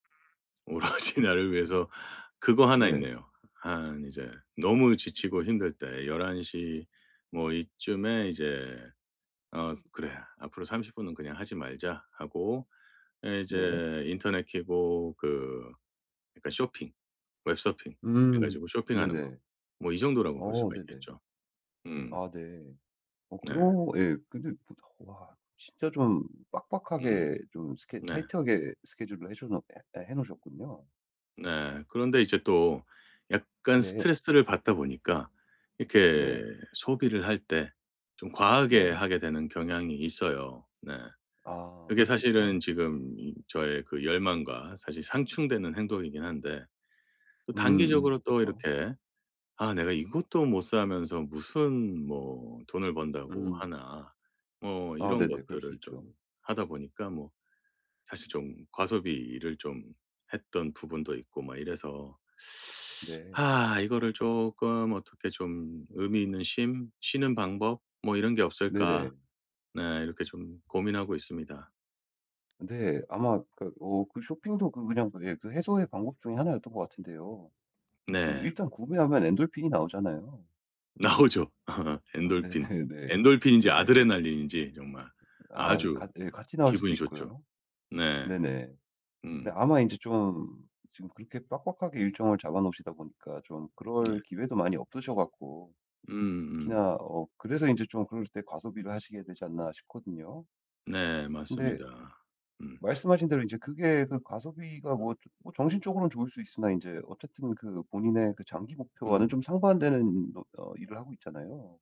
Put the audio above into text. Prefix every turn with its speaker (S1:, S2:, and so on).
S1: 오로지 나를 위해서 그거 하나
S2: 네.
S1: 있네요. 한 이제 너무 지치고 힘들 때 11:00 뭐 이쯤에 이제 "어 그래. 앞으로 30 분은 그냥 하지 말자." 하고 예
S2: 네.
S1: 이제 인터넷 키고 그 그니까 쇼핑, 웹 서핑 해
S2: 음.
S1: 가지고 쇼핑하는 거
S2: 네네.
S1: 뭐 이 정도라고 볼
S2: 어
S1: 수가
S2: 네네.
S1: 있겠죠. 음.
S2: 아 네. 어
S1: 네.
S2: 그런 예 근데 보통 와 진짜 좀
S1: 음.
S2: 빡빡하게 좀 스케
S1: 네.
S2: 타이트하게 스케줄을 해셔 놓 해 해 놓으셨군요.
S1: 네. 그런데 이제 또 약간
S2: 네.
S1: 스트레스를 받다 보니까 이렇게
S2: 네.
S1: 소비를 할 때 좀 과하게
S2: 네.
S1: 하게 되는 경향이 있어요. 네.
S2: 아.
S1: 그게
S2: 그럴 수
S1: 사실은
S2: 있죠.
S1: 지금 저의 그 열망과 사실 상충되는 행동이긴 한데 또 단기적으로
S2: 음음.
S1: 또
S2: 그쵸.
S1: 이렇게 '아 내가 이것도 못 사면서 무슨 뭐 돈을 번다고
S2: 음.
S1: 하나?' 뭐
S2: 아
S1: 이런
S2: 네네. 그럴 수
S1: 것들을 좀
S2: 있죠.
S1: 하다 보니까 뭐 사실 좀 과소비를 좀 했던 부분도 있고 막 이래서
S2: 네.
S1: 아 이거를 쪼끔 어떻게 좀 '의미 있는 쉼, 쉬는 방법, 뭐 이런 게 없을까?'
S2: 네네.
S1: 네 이렇게 좀 고민하고 있습니다.
S2: 근데 아마 그 어 그 쇼핑도 그 그냥 예 그 해소의 방법 중의 하나였던 것 같은데요. 그
S1: 네.
S2: 일단 구매하면 엔돌핀이 나오잖아요.
S1: 나오죠,
S2: 아
S1: 엔돌핀.
S2: 네네네.
S1: 엔돌핀인지
S2: 네네. 그
S1: 아드레날린인지 정말
S2: 아
S1: 아주
S2: 같 예 같이 나올 수도
S1: 기분이 좋죠.
S2: 있고요.
S1: 네
S2: 네네.
S1: 음.
S2: 네. 아마 인제 좀 지금 그렇게 빡빡하게 일정을 잡아 놓으시다 보니까 좀
S1: 네.
S2: 그럴 기회도 많이 없으셔 갖고
S1: 음음.
S2: 특히나 어 그래서 인제 좀 그럴 때 과소비를 하시게 되지 않나 싶거든요.
S1: 네.
S2: 근데
S1: 맞습니다. 음.
S2: 말씀하신 대로 인제 그게 그 과소비가 뭐 뭐 정신적으로는 좋을 수 있으나 인제 어쨌든 그 본인의 그 장기 목표와는
S1: 음.
S2: 좀 상반되는 어 어 일을 하고 있잖아요.